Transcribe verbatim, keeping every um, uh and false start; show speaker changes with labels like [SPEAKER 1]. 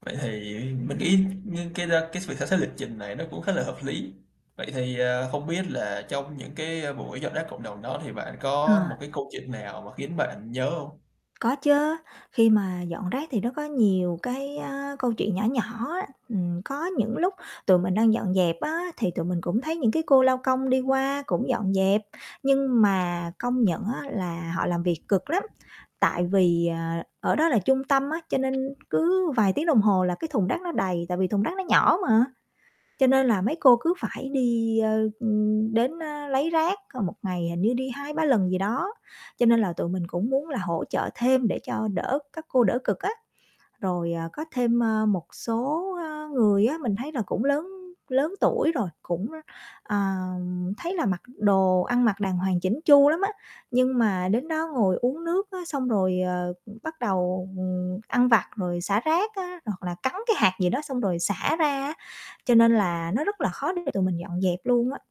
[SPEAKER 1] Vậy thì mình nghĩ như cái đó cái việc xem xét lịch trình này nó cũng khá là hợp lý. Vậy thì, à, không biết là trong những cái, ơ, buổi dọn rác cộng đồng đó, thì bạn
[SPEAKER 2] Ờ.
[SPEAKER 1] có một cái câu chuyện nào mà khiến bạn nhớ hông?
[SPEAKER 2] Có chớ. Khi mà dọn rác thì nó có nhiều cái, a, câu chuyện nhỏ nhỏ á. Ừm, có những lúc tụi mình đang dọn dẹp á, thì tụi mình cũng thấy những cái cô lao công đi qua cũng dọn dẹp, nhưng mà công nhận á là họ làm việc cực lắm. Tại vì, ờ, ở đó là trung tâm á, cho nên cứ vài tiếng đồng hồ là cái thùng rác nó đầy, tại vì thùng rác nó nhỏ mà. Cho nên là mấy cô cứ phải đi, ơ, ừm, đến, ờ, lấy rác c một ngày hình như đi hai ba lần gì đó, cho nên là tụi mình cũng muốn là hỗ trợ thêm để cho đỡ các cô đỡ cực á. Rồi, à, có thêm, ơ, một số, ơ, người á mình thấy là cũng lớn lớn tuổi rồi, cũng, ờ, thấy là mặc đồ ăn mặc đàng hoàng chỉn chu lắm á, nhưng mà đến đó ngồi uống nước á, xong rồi, ờ, bắt đầu, ừm, ăn vặt rồi xả rác á, hoặc là cắn cái hạt gì đó xong rồi xả ra á. Cho nên là nó rất là khó để tụi mình dọn dẹp luôn á.